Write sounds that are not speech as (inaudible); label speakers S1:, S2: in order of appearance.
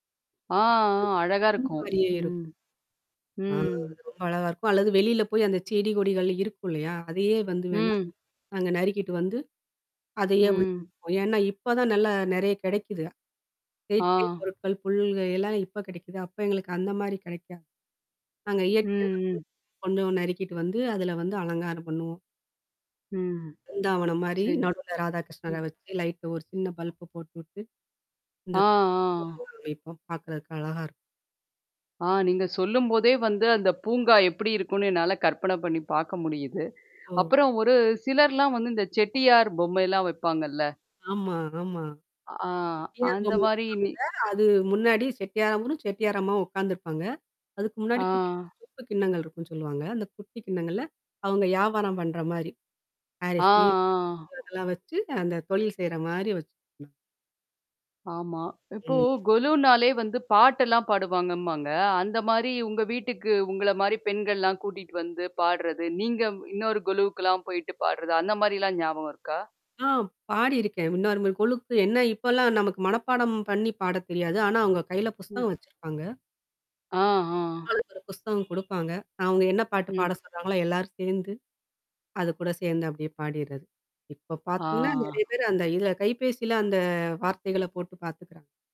S1: ஆ, ஆ, அழகா
S2: பாக்குறதுக்கு புல்லு
S1: இருக்கும்.
S2: மாரியே இருக்கும்.
S1: ம்.
S2: ஆ!
S1: ம்.
S2: அது ரொம்ப அழகா இருக்கும், அல்லது வெளியில போய் அந்த செடி கொடிகள் இருக்கும் இல்லையா? அதையே வந்து வேணுணா,
S1: ம்.
S2: நாங்க நறுக்கிட்டு வந்து, அதையே உள்ள
S1: ம்.
S2: வப்போம். ஏன்னா, இப்போ தான் நல்லா நிறைய கிடைக்குது. செயற்கை
S1: ஆ.
S2: பொருட்கள், புல்கள் எல்லாம் இப்போ கிடைக்குது. அப்போ எங்களுக்கு அந்த மாரி கிடைக்காது. நாங்க இயற்கையான
S1: ம். ம்.
S2: (unintelligible) கொஞ்சம் நறுக்கிட்டு வந்து, அதில வந்து அலங்காரம் பண்ணுவோம்.
S1: ம்.
S2: பிருந்தாவனம் மாரி
S1: சரி.
S2: நடுவில ராதாகிருஷ்ணரை
S1: ம்.
S2: வச்சு, லைட்டு ஒரு சின்ன பல்ப போட்டுவிட்டு இந்த,
S1: ஆ. ஆ.
S2: (unintelligible) வைப்போம். பார்க்குறதுக்கு அழகா இருக்கும்.
S1: ஆ. நீங்க சொல்லும் போதே வந்து அந்த பூங்கா எப்படி இருக்கும்னு என்னால கற்பனை பண்ணி பார்க்க முடியுது.
S2: ஒ.
S1: அப்புறம் ஒரு சிலர்லாம் வந்து இந்த செட்டியார் பொம்மைலாம் வைப்பாங்கல்ல.
S2: ஆமா, ஆமா.
S1: அ ஆ,
S2: செட்டியார்
S1: அந்த
S2: பொம்மை
S1: மாரி நீ
S2: வைப்பாங்க. அது முன்னாடி செட்டியாரவரும், செட்டியார் அம்மாவும் உட்காந்துருப்பாங்க. அதுக்கு முன்னாடி குட்டி,
S1: ஆ.
S2: குட்டி சொப்பு கிண்ணங்கள் இருக்குன்னு சொல்லுவாங்க, அந்த குட்டி கிண்ணங்கள்ல அவங்க வியாபாரம் பண்ணுற மாரி.
S1: ஆ,
S2: அரிசி,
S1: ஆ.
S2: (unintelligible) அதெல்லாம் வச்சு, அந்த தொழில் செய்ற மாரி வச்சு
S1: ஆமா! இப்போ
S2: ம்.
S1: கொலுன்னாலே வந்து பாட்டெல்லாம் பாடுவாங்கம்பாங்க, அந்த மாரி உங்க வீட்டுக்கு உங்கள மாரி பெண்கள்லாம் கூட்டிட்டு வந்து பாடுறது, நீங்க இன்னொரு கொலுவுக்கெல்லாம் போயிட்டு பாடுறது, அந்த மாரிலாம் ஞாபகம் இருக்கா?
S2: ஆ, பாடியிருக்கேன்! இன்னொரு இந்த மாரி கொலுக்கு என்ன இப்போலாம் நமக்கு மனப்பாடம் பண்ணி பாடத் தெரியாது. ஆனா, அவங்க கையில
S1: ம்.
S2: புஸ்தகம் வச்சுருப்பாங்க.
S1: ஆ, ஆ.
S2: ஆளுக்கு ஒரு புஸ்தகம் கொடுப்பாங்க. அவங்க என்ன பாட்டு
S1: ம்.
S2: பாட சொல்றாங்களோ, எல்லாரும் சேர்ந்து, அதுக்கூட சேர்ந்து அப்படியே பாடிறது. இப்போ பார்த்தீங்கன்னா, நிறைய
S1: ஆ.
S2: பேர் அந்த இதில, கைபேசியில அந்த வார்த்தைகளை போட்டு பார்த்துக்கிறாங்க.